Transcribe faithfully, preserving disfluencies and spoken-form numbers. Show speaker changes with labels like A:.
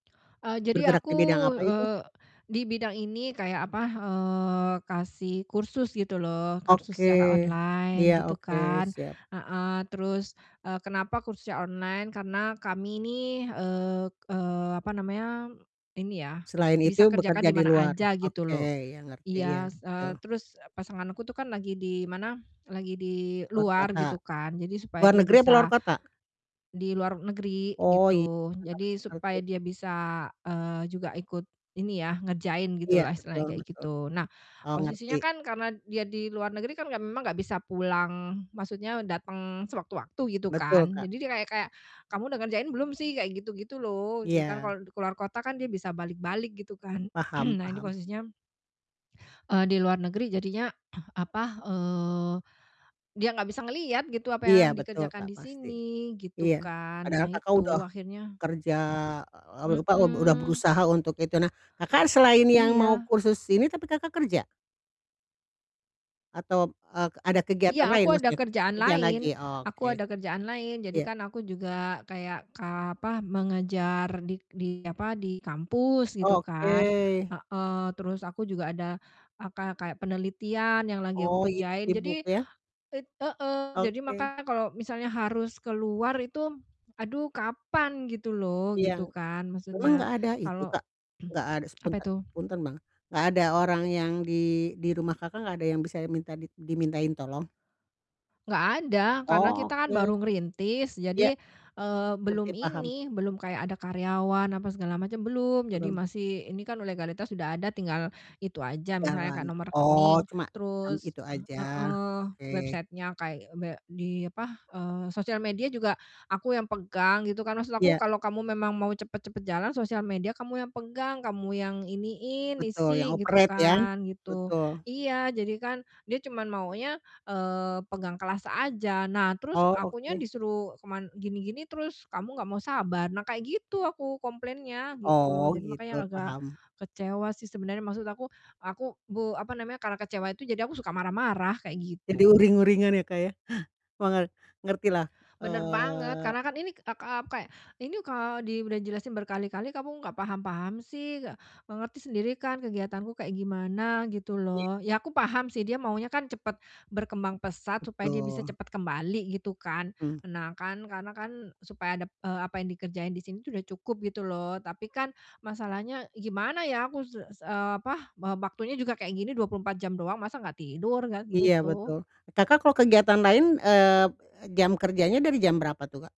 A: Eee, jadi
B: Bergerak
A: aku,
B: di bidang apa itu?
A: eee, di bidang ini kayak apa, eee, kasih kursus gitu loh, kursus
B: Oke,
A: secara online
B: iya,
A: gitu
B: oke,
A: kan,
B: siap.
A: heeh. Terus, eee, kenapa kursus secara online, karena kami ini, eee eee, apa namanya, ini ya
B: Selain itu
A: bisa kerjakan
B: bekerja
A: di
B: di
A: mana
B: luar?
A: aja gitu
B: Oke,
A: loh.
B: ya ngerti ya,
A: Iya s eee,
B: gitu.
A: terus e pasangan aku tuh kan lagi di mana, lagi di
B: Luar
A: luar
B: kota?
A: gitu kan, jadi supaya
B: Luar
A: dia
B: negeri atau luar
A: bisa
B: kota?
A: di luar negeri
B: Oh, iya,
A: gitu. Jadi supaya
B: ngerti.
A: dia bisa, eee, juga ikut ini ya, ngerjain gitu
B: Iya,
A: loh istilahnya
B: betul
A: kayak
B: betul.
A: gitu. Nah,
B: Oh, ngerti.
A: posisinya kan karena dia di luar negeri kan, ya memang gak bisa pulang maksudnya dateng sewaktu-waktu gitu
B: Betul,
A: kan.
B: Kak.
A: Jadi dia kayak kayak, "Kamu udah ngerjain belum sih?" Kayak gitu gitu loh, gitu kan
B: Iya.
A: kalo keluar kota kan dia bisa balik-balik gitu kan,
B: Paham
A: nah ini
B: paham.
A: posisinya eee, di luar negeri jadinya apa, eee, dia gak bisa ngelihat gitu apa
B: Iya,
A: yang
B: betul
A: dikerjakan
B: Kak,
A: di
B: pasti.
A: sini, gitu
B: Iya,
A: kan. Nah
B: padahal Kakak udah
A: itu akhirnya
B: kerja, eee, apa, eee, udah
A: mhm.
B: berusaha untuk itu. Nah, Kakak selain yang mau
A: Iya.
B: kursus ini tapi Kakak kerja? Atau, eee, ada
A: Iya,
B: kegiatan lain
A: aku ada
B: maksudnya?
A: kerjaan
B: Kerjaan
A: lain
B: lagi?
A: aku
B: Oke.
A: ada kerjaan lain, jadi
B: Iya.
A: kan aku juga kayak ka apa, mengajar di di apa, di kampus, gitu kan,
B: Oke.
A: heeh. Terus aku juga ada aka kayak penelitian yang lagi aku
B: Oh, iya,
A: kerjain.
B: sibuk
A: Jadi
B: ya?
A: it heeh, jadi
B: Oke.
A: makanya kalo misalnya harus keluar itu, aduh kapan gitu loh,
B: Iya,
A: gitu kan
B: memang
A: maksudnya
B: gak ada itu
A: kalo
B: Kak, nggak ada
A: apa
B: sepuntat
A: itu?
B: punten Bang. nggak ada orang yang di di rumah Kakak nggak ada yang bisa minta di dimintain tolong?
A: Nggak ada, karena kita kan
B: Oke.
A: baru ngerintis
B: Iya,
A: jadi, eee,
B: ngerti,
A: belum
B: paham.
A: ini, belum kayak ada karyawan apa segala macem, belum. Jadi
B: Belum?
A: masih ini kan legalitas udah ada tinggal itu aja misalnya kayak
B: Jalan,
A: nomor
B: oh
A: rekening,
B: cuma sama
A: terus
B: itu
A: ah
B: aja,
A: heeh,
B: oke.
A: website-nya, kayak be di apa, eee, sosial media juga aku yang pegang gitu kan, maksud aku,
B: Iya.
A: "Kalo kamu memang mau cepet-cepet jalan sosial media kamu yang pegang, kamu yang iniin,
B: Betul, yang
A: isi, gitu
B: operate ya?
A: kan," gitu.
B: Betul.
A: Iya, jadi kan dia cuma maunya, eee, pegang kelas aja. Nah terus,
B: Oh,
A: "Akunya
B: oke.
A: disuruh keman gini-gini terus kamu gak mau sabar," nah kayak gitu aku komplainnya gitu loh,
B: Oh
A: jadi
B: gitu,
A: makanya agak
B: paham.
A: kecewa sih sebenernya. Maksud aku, aku gu apa namanya, karena kecewa itu, jadi aku suka marah-marah kayak
B: Jadi
A: gitu.
B: uring-uringan ya, Kak, ya. mangat ngertilah,
A: Bener banget,
B: eee
A: karena kan ini ak ak aku kayak, "Ini kalo di udah dijelasin berkali-kali kamu gak paham-paham sih, mengerti sendiri kan kegiatanku kayak gimana, gitu
B: Iya.
A: loh." Ya, aku paham sih, dia maunya kan cepet berkembang pesat supaya dia bisa
B: Betul.
A: cepet kembali gitu kan.
B: Mmm.
A: Nah kan, karena kan supaya dap eee, apa yang dikerjain di sini tuh udah cukup gitu loh, tapi kan masalahnya gimana ya aku, s s eee, apa, wa waktunya juga kayak gini dua puluh empat jam doang masa gak tidur, gan
B: Iya,
A: gitu.
B: betul. Kakak kalau kegiatan lain, eee, jam kerjanya dari jam berapa tuh Kak?